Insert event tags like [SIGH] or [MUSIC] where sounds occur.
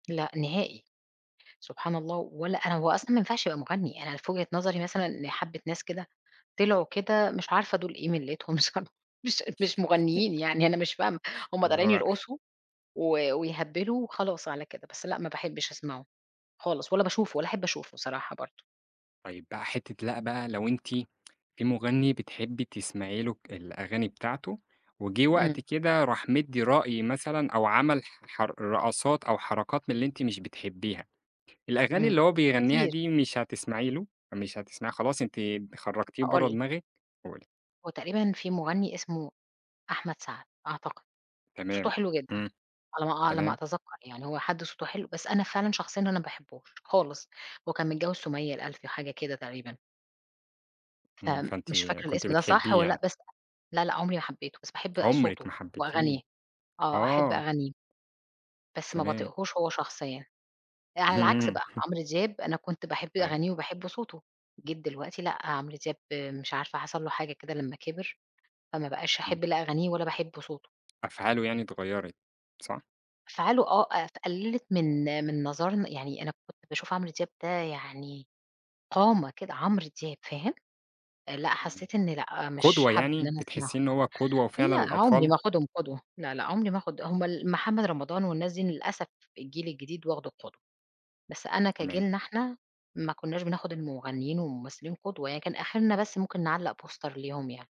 لأ، نهائي. سبحان الله! ولا أنا هو أصلًا ما ينفعش يبقى مُغني، أنا في وجهة نظري مثلًا لحَبِّة ناس كده طِلعوا كده مش عارفة دُول إيه مِلّتهم صرا مش أد مش مغنيين [CHUCKLES] يعني أنا مش فاهمة. هم اللي طالعين هو يرقصوا و ويهَبِّلوا وخلاص على كده. بس لأ، ما باحبش أسمعه، خالص ولا باشوفه، ولا أحب أشوفه صراحة برضه. طيب بقى حتة لأ، بقى لو أنتِ في مُغني بتحبي تسمعي له ك الأغاني بتاعته، وجِه امم. وقت كده راح مِدّي رأي مثلًا أو عمل ح حر رقصات أو حركات من اللي أنتِ مش بتحبيها، الأغاني امم، اللي هو بيغنيها كتير. دي مش هتسمعي له؟ مش هتسمعيها، خلاص أنتِ خرّجتيه هاقول برّه لِك دماغِك؟ قولي. هو تقريبًا في مُغني اسمه أحمد سعد، أعتقد، صوته تمام. حلو جدًا، امم، على ما أع على ما تمام. أتذكّر يعني، هو حد صوته حلو بس أنا فعلًا شخصيًا أنا ما باحبوش خالص. هو كان متجوِّز سُمية الألفي، حاجة كده تقريبًا امم، فأنتِ فمش فاكرة كنتِ الإسم ده صح بتحبيه والّا لأ، يعني؟ بس لأ، لأ، عمري ما حبيته، بس باحب عُمرِك صوته ما حبيتيه وأغانيه. آه، أحب آه. أغانيه. بس ما تمام. باطيقهوش هو شخصيًا. آآ، على العكس اهم. بقى [CHUCKLES] عمرو دياب أنا كنت باحب أيوه. أغانيه وباحب صوته، جيت دلوقتي لأ، عمرو دياب مش عارفة حصل له حاجة كده لما كِبِر، فما بقاش امم. أحب لا أغانيه ولا باحب صوته. أفعاله يعني إتغيرت، صح؟ أفعاله آه، آآ، ف قلّلت من من نظرنا يعني أنا كنت باشوف عمرو دياب ده يعني قامة كده، عمرو دياب، فاهم؟ آآ، لأ، امم، حسيت إن لأ مش قُدوة حابَّة إن يعني؟ أنا أسمعه. بتحِسِّيه إن هُو قدوة فعلًا لأ، عُمري للأطفال؟ ما آخُدهم قدوة، لا، لا عمري ما آخُد هم ال محمد رمضان والناس دي للأسف الجيل الجديد واخده قُدوة، بس أنا تمام. كجيلنا إحنا ما كُناش بناخد المغنيين والممثلين قُدوة، يعني كان أخرنا بس ممكن نعلّق بوستر ليهم يعني.